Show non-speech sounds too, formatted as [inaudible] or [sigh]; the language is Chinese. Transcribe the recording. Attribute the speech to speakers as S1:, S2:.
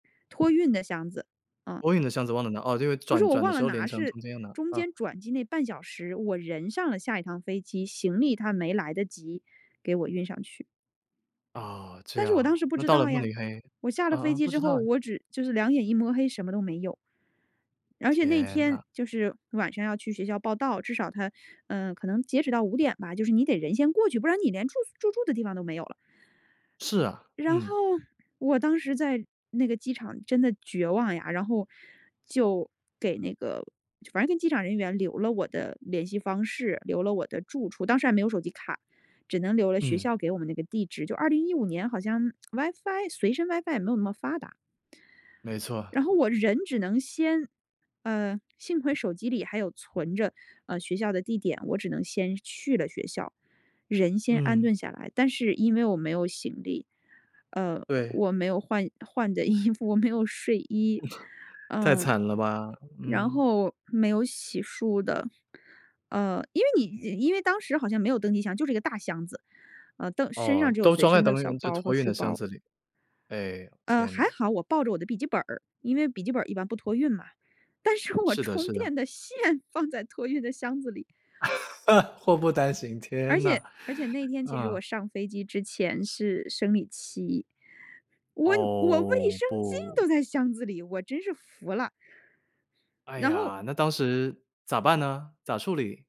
S1: 托运的箱子，嗯。
S2: 托运的箱子忘了拿，哦，就
S1: 不是
S2: 转
S1: 我
S2: 转的
S1: 忘
S2: 时
S1: 了
S2: 候联
S1: 拿，
S2: 程
S1: 是
S2: 中间拿，
S1: 中
S2: 嗯。
S1: 间转机那半小时，我人上了下一趟飞机，行李它没来得及给我运上去。
S2: 啊，这
S1: 但是我当
S2: 样，
S1: 时不
S2: 那
S1: 知
S2: 到了
S1: 道
S2: 慕
S1: 呀，
S2: 尼黑
S1: 我下
S2: 呃，
S1: 了飞
S2: 呃，
S1: 机
S2: 不
S1: 之
S2: 知道
S1: 后，
S2: 诶。
S1: 我只就是两眼一抹黑什么都没有。而且那
S2: 天
S1: 天
S2: 呐。
S1: 就是晚上要去学校报到，至少它，呃，可能截止到5点吧，就是你得人先过去，不然你连住宿住住的地方都没有了。
S2: 是啊，
S1: 然后
S2: 嗯。
S1: 我当时在那个机场真的绝望呀，然后就给那个反正跟机场人员留了我的联系方式，留了我的住处，当时还没有手机卡，只能留了学
S2: 嗯。
S1: 校给我们那个地址，就2015年好像 [tsk] WiFi 随身 WiFi 也没有那么发达。
S2: 没错。
S1: 然后我人只能先嗯，幸亏手机里还有存着，呃，学校的地点，我只能先去了学校，人先安
S2: 嗯。
S1: 顿下来。但是因为我没有行李，呃，
S2: 对。
S1: 我没有换换的衣服，我没有睡衣，
S2: [chuckles] 太
S1: 呃，
S2: 惨了吧，
S1: 然
S2: 嗯。
S1: 后没有洗漱的。呃，因为你因为当时好像没有登机箱，就是一个大箱子，呃，登身上
S2: 哦，
S1: 只有
S2: 都
S1: 随
S2: 装在
S1: 身的
S2: 登
S1: 小
S2: 运就
S1: 包
S2: 托
S1: 和
S2: 运
S1: 书
S2: 的箱
S1: 包。
S2: 子里，唉呦，
S1: 呃，
S2: 天
S1: 还
S2: 呐。
S1: 好，我抱着我的笔记本儿，因为笔记本儿一般不托运嘛，但是我
S2: 是的
S1: 充
S2: 是的。
S1: 电的线放在托运的箱子里。
S2: [laughs] 祸不单行，
S1: 而
S2: 天呐。
S1: 且而且那天其实
S2: 嗯。
S1: 我上飞机之前是生理期，我我卫
S2: 哦，
S1: 生巾
S2: 不。
S1: 都在箱子里，我真是服了。
S2: 哎
S1: 然后
S2: 呀，那当时，咋办呢，咋处理？